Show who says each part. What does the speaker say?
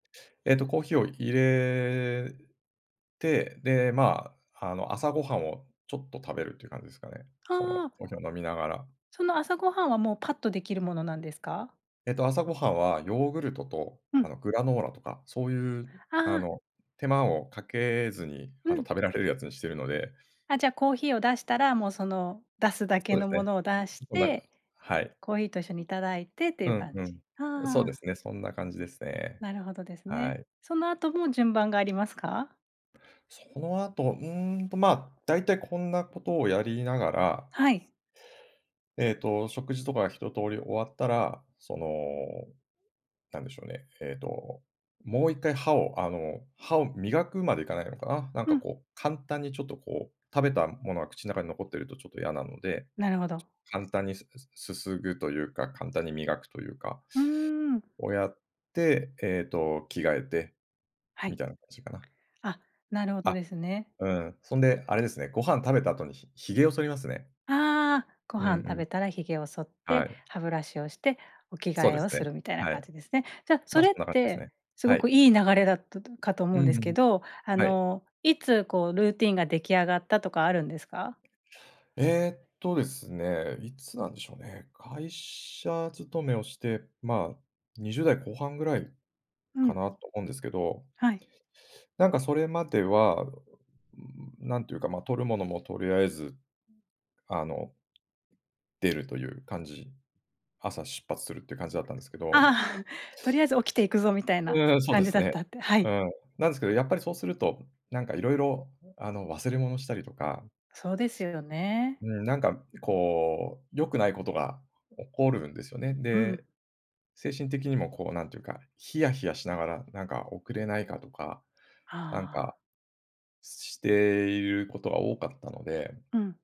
Speaker 1: えっとコーヒーを入れて、で、ま、あの、朝ごはんをちょっと食べるっていう感じですかね。
Speaker 2: あ
Speaker 1: その、
Speaker 2: あああ。
Speaker 1: コーヒーを飲みながら。
Speaker 2: その朝ごはんは、もう、パッとできるものなんですか？
Speaker 1: えと、朝ごはんはヨーグルトと、
Speaker 2: う
Speaker 1: あ
Speaker 2: ん。
Speaker 1: の、グラノーラとか、そういう、
Speaker 2: ああ
Speaker 1: あ
Speaker 2: ああ。
Speaker 1: の、手間をかけずに、
Speaker 2: う
Speaker 1: あの、
Speaker 2: ん。
Speaker 1: 食べられるやつにしているので
Speaker 2: あ、じゃあコーヒーを出したら、もう、その、出すだけ
Speaker 1: そうで
Speaker 2: の
Speaker 1: す
Speaker 2: も
Speaker 1: ね。
Speaker 2: のを出し
Speaker 1: そんな
Speaker 2: て
Speaker 1: はい。
Speaker 2: コーヒーと一緒にいただいてってい
Speaker 1: う
Speaker 2: う
Speaker 1: ん
Speaker 2: 感
Speaker 1: う
Speaker 2: じ。はあ
Speaker 1: ん。そう
Speaker 2: は
Speaker 1: で
Speaker 2: あ。
Speaker 1: すね。そんな感じですね。
Speaker 2: なるほどです
Speaker 1: は
Speaker 2: ね。
Speaker 1: い。
Speaker 2: その後も順番がありますか？
Speaker 1: その後、うーんと、ま、だいたいこんなことをやりながら
Speaker 2: はい。
Speaker 1: えっと、食事とか一通り終わったら、その、なんでしょうね、えと、もう1回歯をあの、歯を磨くまでいかないのかな？なん
Speaker 2: う
Speaker 1: か、
Speaker 2: ん。
Speaker 1: こう、簡単にちょと、こう、食べたものが口の中に残っていると、ちょっと嫌なので、
Speaker 2: なるほど。
Speaker 1: 簡単にすすすすぐというか、簡単に磨くというか
Speaker 2: うーん。
Speaker 1: をやって、えと、着替えて
Speaker 2: は
Speaker 1: み
Speaker 2: い。
Speaker 1: たいな感じかな。
Speaker 2: あっ、なるほ
Speaker 1: あ
Speaker 2: ど
Speaker 1: っ、
Speaker 2: ですね。
Speaker 1: うん、そんで、あれですね、ご飯食べた後にひ髭を剃りますね。
Speaker 2: ああああああ。ご
Speaker 1: うん
Speaker 2: 飯食
Speaker 1: うん。
Speaker 2: べたら髭を剃っ
Speaker 1: は
Speaker 2: て
Speaker 1: い。
Speaker 2: 歯ブラシをしてお着
Speaker 1: そう
Speaker 2: 替え
Speaker 1: で
Speaker 2: を
Speaker 1: す
Speaker 2: す
Speaker 1: ね、
Speaker 2: るみたいな
Speaker 1: は
Speaker 2: 感
Speaker 1: い。
Speaker 2: じですね。じゃそ
Speaker 1: ま、そ
Speaker 2: れっ
Speaker 1: んな感じです
Speaker 2: て
Speaker 1: ね、
Speaker 2: す
Speaker 1: は
Speaker 2: ごく
Speaker 1: い。
Speaker 2: いい流れだったかと思
Speaker 1: う
Speaker 2: うん
Speaker 1: ん
Speaker 2: です
Speaker 1: う
Speaker 2: け
Speaker 1: ん、
Speaker 2: ど、あ
Speaker 1: はい。
Speaker 2: の、いつ、こう、ルーティンが出来上がったとかあるんですか？
Speaker 1: えっとですね、いつなんでしょうね？会社勤めをして、ま、20代後半ぐらい
Speaker 2: う
Speaker 1: か
Speaker 2: ん。
Speaker 1: なと思うんですけど。
Speaker 2: はい。
Speaker 1: なんかそれまでは、ううん、なんていうか、ま、取るものもとりあえず、あの...出るという感じ。朝出発するっていう感じだったんですけど
Speaker 2: ああ、とりあえず起きて行くぞみたい
Speaker 1: う
Speaker 2: な
Speaker 1: ーん、そう
Speaker 2: 感
Speaker 1: で
Speaker 2: じ
Speaker 1: す
Speaker 2: だっ
Speaker 1: ね。
Speaker 2: たって、は
Speaker 1: う
Speaker 2: い。
Speaker 1: ん。なんですけど、やっぱりそうすると、なんか色々、あの、忘れ物したりとか
Speaker 2: そうですよね。
Speaker 1: うん、なんか、こう、良くないことが起こるんですよね。
Speaker 2: うん。
Speaker 1: で、精神的にも、こう、なんというか、ヒヤヒヤしながら、なんか、遅れないかとか、なん
Speaker 2: ああ。
Speaker 1: か、していることが多かったので
Speaker 2: うん。